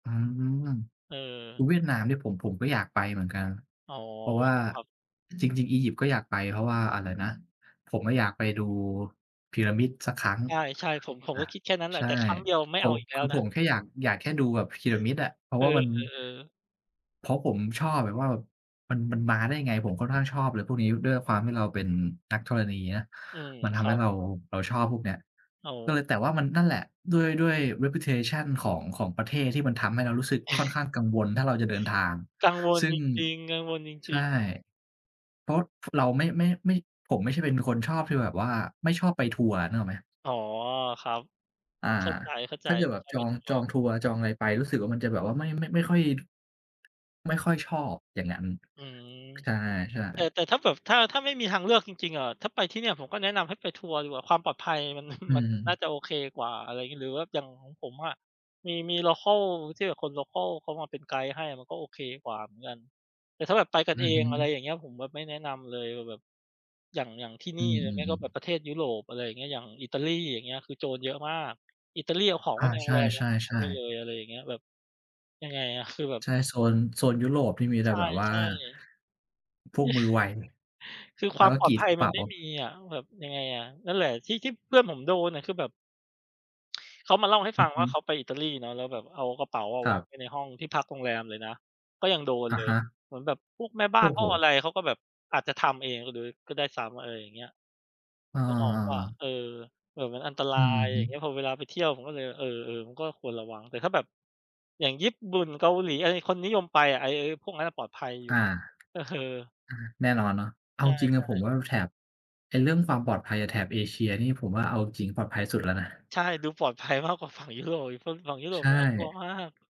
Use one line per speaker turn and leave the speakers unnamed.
อืม
เออ
เวียดนามเนี่ยผม ผมก็อยากไปเหมือนกัน
อ๋อ
เพราะว่า
ครับ
จริง ๆ อียิปต์ก็อยากไป เพราะว่าอะไรนะ ผมอะอยากไปดูพีระมิดสักครั้ง
ใช่ ๆ ผม ผม
อา
ก็คิดแค่นั้นแหล
ใช
ะ
่
แต่ครั้งเดียวไม่
ผ
เอา
ม
อีกแล
ค
้
ื
ว
อ
น
ผ
ะ
มแค่อยาก อยากแค่ดูแบบพีระมิดอะ เพราะ
เอ
ว่ามัน
อ ๆ ๆ
เพราะผมชอบแบบว่า แบบมัน มันมาได้ไง ผมค่อนข้างชอบอะไรพวกนี้ ด้วยความที่เราเป็นนักธรณีนะ
อืม
มันท
ค
ำ
ร
ใ
ั
ห้
บ
เรา เราชอบพวกเนี้ย
อ๋
ก็เ
อ
ลย แต่ว่ามัน นั่นแหละ ด้วย ด้วย reputation ของ ของประเทศที่มันทำให้เรารู้สึกค่อนข้างกังวล ถ้าเราจะเดินทาง
กังวล
ซึ่
จ
ง
ริง ๆ กังวลจ
ใช
ริ
่
ง ๆ
เพราะ พ เราไม่ ไม่ ไม่ ผมไม่ใช่เป็นคนชอบที่แบบว่า ไม่ชอบไปทัวร์ นึกออกไหม?
อ๋อ ครับ
อา
เข้าใจ
ถ้าเกิดแบ
ๆ
บ
ใช่
จ
หม
อ
าย
ง
ถึง
จ
ว่
อ
า
งทัวร์ จองอะไรไป รู้สึกว่ามันจะแบบว่าไม่ ไม่ ไม่ค่อย ไม่ค่อยชอบอย่างนั้น
อืม
ค ใช่
แต่
ๆ
แต่ถ้าแบบ ถ้า ถ้าไม่มีทางเลือกจริง ๆ อะ ถ้าไปที่เนี่ย ผมก็แนะนำให้ไปทัวร์ดีกว่า ความปลอดภัย มัน
อื
มันน่า
ม
จะโอเคกว่า อะไรงี้ หรือแบบอย่างของผมอะ มี มี โลคัล ที่แบบคน โลคัล เขามาเป็นไกด์ให้อะมันก็โอเคกว่าเหมือนกัน แต่ถ้าแบบไปกั
อ
น
ื
เอ
อฮ
ง อะไร
ึ
อย่างเงี้ย ผมแบบไม่แนะนำเลยว่าแบบ อย่าง อย่างที่
อ
นี
ื
่หรือไม่
ม
ก็แบบ
ๆ ๆ
ประเทศยุโรป อะไรอย่างเงี้ย อย่างอิตาลี อย่างเงี้ย คือโจรเยอะมาก อิตาลีเอาของ
อ
ไว้
า
ในโร
ใช
งแรมยังหายไ
่
ด้เล
ๆ ๆ
ย อะไรอย่างเงี้ย แบบ ยังไงอะ คือแบบ
ใช่ โซน โซนยุโรปที่มีแ
ใ
ต
ช
่แบบว่า
่ ๆ
พวกมือไว
คือ
แ
ค
ล
ว
้
า
ว
ม
ก็
ปลอ
กร
ด
ี
ภ
ด
ัย
กระเ
ม
ป
ัน
๋า
ไม่มีอะ ว แบบยังไงอะ นั่นแหละ ที่ ที่เพื่อนผมโดนอะ คือแบบ เขามาเล่าให้
อ
ฟ
ื
ั
อ
ง
ฮ
ว่า
ึ
เขาไปอิตาลีเนาะ แล้วแบบเอากระเป๋าอะ
ค
ว
รั
า
บ
งไว้ในห้อง ที่พักโรงแรมเลยนะ ก็ยังโดน
อะ
เลย
ฮะ
เหมือนแบบพวกแม่บ้า
โอ
น
้
ห
โ
้
ฮ
องอะไร เขาก็แบบ อาจจะทำเอง ล โดย ก็ได้ซ้ำ อะไรอย่างเงี้ย
อา
นึกออกเปล่า
ๆ ๆ
เออ แบบมันอันตร
อ
า
ือ
ย
ฮ
อย
ึ
่างเงี้ย พอเวลาไปเที่ยวผมก็เลย เออ ๆ มันก็ควรระวัง แต่ถ้าแบบ อย่างญี่ปุ่น เกาหลี อะไร คนนิยมไปอะ ไอ้ ไอ้พวกนั้นอะปลอดภัยอยู
อ
่
า
ฮ เออ
อา แน่นอนเนาะ เอ
ใ
า
ช
จริง ๆ เลย
่
ผม
ๆ
ว่า ล แถบ ไอ้เรื่องความปลอดภัยอะ แถบเอเชียนี่ผมว่าเอาจริงปลอดภัยสุดแล้วนะ
ใช่ ดูปลอดภัยมากกว่าฝั่งยุโรปอีก ฝ ฝั่งยุโร
ใช
ป
่
น่ากลัวมาก